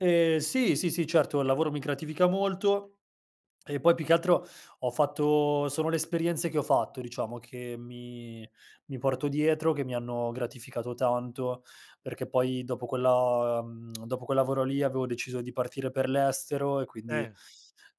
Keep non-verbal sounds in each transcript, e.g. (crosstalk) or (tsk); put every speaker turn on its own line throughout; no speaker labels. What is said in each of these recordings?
Eh sì, sì, sì, certo, il lavoro mi gratifica molto. E poi più che altro ho fatto sono le esperienze che ho fatto, diciamo, che mi mi porto dietro, che mi hanno gratificato tanto, perché poi dopo quella (tsk) dopo quel lavoro lì avevo deciso di partire per l'estero e quindi,
Eh.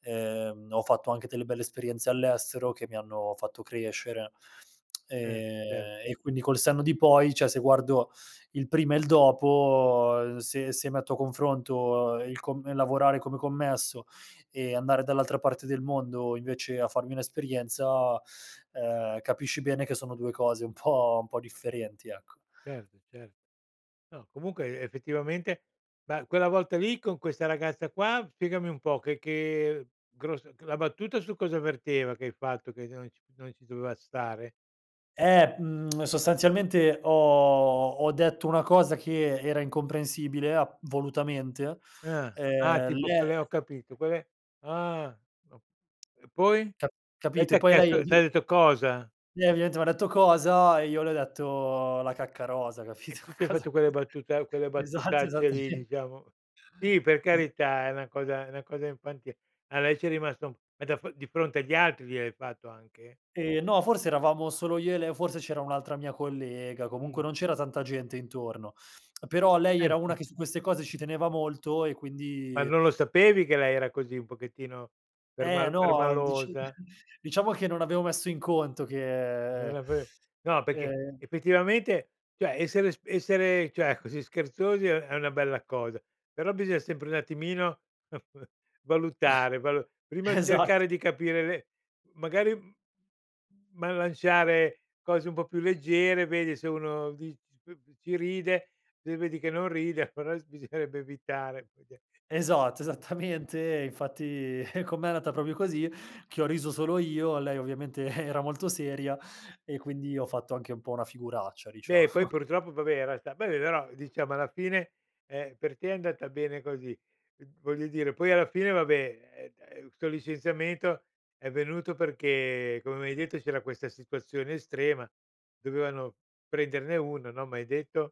ehm, ho fatto anche delle belle esperienze all'estero che mi hanno fatto crescere, (tsk)
Eh, certo.
ehm, e quindi col senno di poi, cioè se guardo il prima e il dopo, se se metto a confronto il com lavorare come commesso e andare dall'altra parte del mondo invece a farmi un'esperienza, ehm, capisci bene che sono 2 cose un po' un po' differenti, ecco.
Certo, certo. No, comunque effettivamente, ma quella volta lì con questa ragazza qua, spiegami un po', che che gros la battuta su cosa verteva? Che hai fatto che non c non ci doveva stare?
Ehm, (tsk) sostanzialmente ho ho detto una cosa che era incomprensibile ap volutamente.
Uhm. Ah,
Ehm, l
tipo
eh
quelle ho capito, quelle ah, o e poi?
Ca
Lei
capite?
t'ha
Poi lei
chiesto, t'ha detto: "Cosa?"
lei ovviamente m'ha detto: "Cosa?" E io le ho detto: "La cacca rosa",
E
capito?
tu ti hai
Cosa
fatto quelle battuta quelle
esatto,
battutacce lì,
esattamente.
diciamo. Sì, per
Es
carità, è una cosa, è una cosa infantile. A lei ci è rimasto ma da f di fronte agli altri gliel'hai fatto anche?
Eh no, forse eravamo solo io e lei, o forse c'era un'altra mia collega, comunque
Mh.
non c'era tanta gente intorno. (tsk) Però lei era una che
(unintelligible)
su queste cose ci teneva molto e
Ma
quindi
non lo sapevi che lei era così? Un pochettino
Eh
perma
no, dic
permalosa?
(chuckles) diciamo che non avevo messo in conto
Non
che,
l'av no, perché
ehm
effettivamente, cioè, essere s essere, cioè, così scherzosi è è una bella cosa, però bisogna sempre un attimino (chuckles) valutare, valu prima
Esatto.
cercare di capire be magari, ma lanciare cose un po' più leggere, vedi se uno di c ci ride, se vedi che non ride, però bisognerebbe evitare.
Esatto, esattamente. Infatti con me è andata proprio così, che ho riso solo io. Lei ovviamente era molto seria e quindi ho fatto anche un po' una figuraccia,
Beh,
diciamo.
poi purtroppo, vabbè, era sta vabbè, però diciamo alla fine, ehm, per te è andata bene così. Mh, voglio dire, poi alla fine, vabbè, eh, eh, con licenziamento è venuto perché, come m'hai detto, c'era questa situazione estrema, dovevano prenderne 1, no, m'hai detto.